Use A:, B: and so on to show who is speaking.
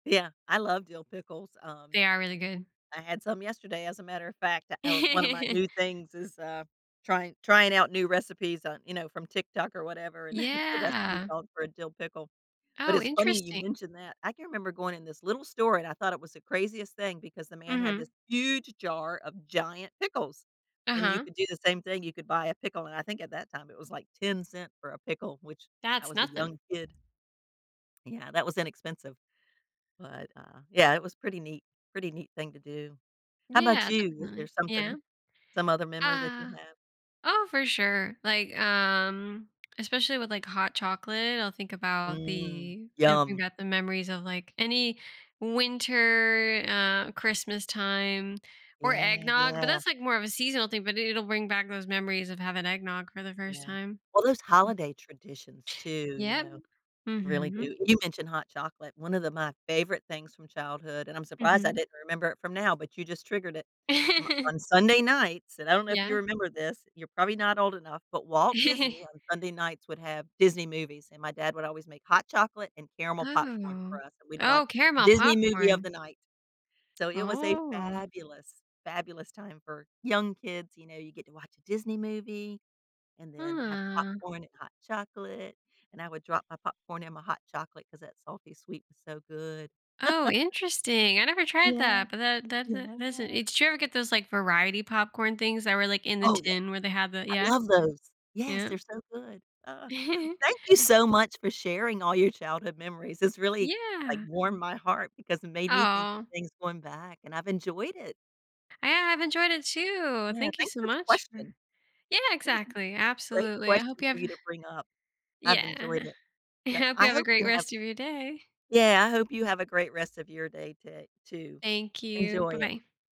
A: Yeah, I love dill pickles. Um,
B: They are really good.
A: I had some yesterday, as a matter of fact, uh, one of my new things is, uh, trying trying out new recipes on, you know from TikTok or whatever, and the recipe
B: Yeah.
A: called for a dill pickle. But
B: Oh,
A: it's funny you
B: interesting.
A: mentioned that. I can remember going in this little store and I thought it was the craziest thing because the man had this
B: Mhm.
A: huge jar of giant pickles and you
B: Uh-huh.
A: could do the same thing. You could buy a pickle, and I think at that time it was like 10¢ for a pickle, which I
B: That's
A: was a
B: nothing.
A: young kid Yeah. That was inexpensive. But, uh, yeah, it was pretty neat, pretty neat thing to do. How 'bout
B: Yeah,
A: you? Is there
B: definitely. Yeah.
A: something some other memory that you
B: Uh,
A: have?
B: oh, for sure. Like, um, especially with, like, hot chocolate, I'll think about
A: Mm.
B: the it'll bring
A: Yum.
B: back the memories of, like, any winter, uh, Christmas time or
A: Yeah,
B: eggnog, but
A: yeah.
B: that's, like, more of a seasonal thing, but it'll bring back those memories of having eggnog for the first
A: Yeah.
B: time.
A: Well, those holiday traditions, too, you
B: Yep.
A: know, really
B: Mhm.
A: do you mentioned hot chocolate, one of the my favorite things from childhood- and I'm surprised I
B: Mhm.
A: didn't remember it from now, but you just triggered it- m on Sunday nights- and I don't know if you
B: Yeah.
A: remember this, you're probably not old enough- but Walt Disney on Sunday nights would have Disney movies and my dad would always make hot chocolate and caramel popcorn
B: Oh.
A: for us, and we'd watch
B: Oh, caramel
A: Disney movie of
B: popcorn.
A: the night. So, it was a
B: Ooh.
A: fabulous, fabulous time for young kids, you know, you get to watch a Disney movie and then have
B: Ah.
A: popcorn and hot chocolate. And I would drop my popcorn in my hot chocolate because that salty sweet was so good.
B: Oh, interesting, I never tried
A: Yeah.
B: that, but that that th that's
A: Yeah.
B: it's did you ever get those, like, variety popcorn things that were, like, in the
A: Oh, yeah.
B: tin where they have the
A: I
B: yeah.
A: love those. Yes,
B: Yeah.
A: they're so good, uh. Thank you so much for sharing all your childhood memories. This really, like,
B: Yeah.
A: warmed my heart because it made me think of
B: Oh.
A: things going back and I've enjoyed it.
B: I have enjoyed it, too.
A: Yeah.
B: Thank you
A: Thanks
B: so
A: for the
B: much for
A: question.
B: Yeah,
A: It was a
B: exactly.
A: great
B: Absolutely. I
A: question
B: hope you
A: for
B: have
A: you to bring up. I've
B: yeah.
A: enjoyed it.
B: I
A: Yep.
B: hope you
A: I
B: have a
A: hope
B: great
A: you have
B: rest of your day.
A: Yeah. I hope you have a great rest of your day to too.
B: Thank you.
A: Enjoy
B: Bye
A: it.
B: bye.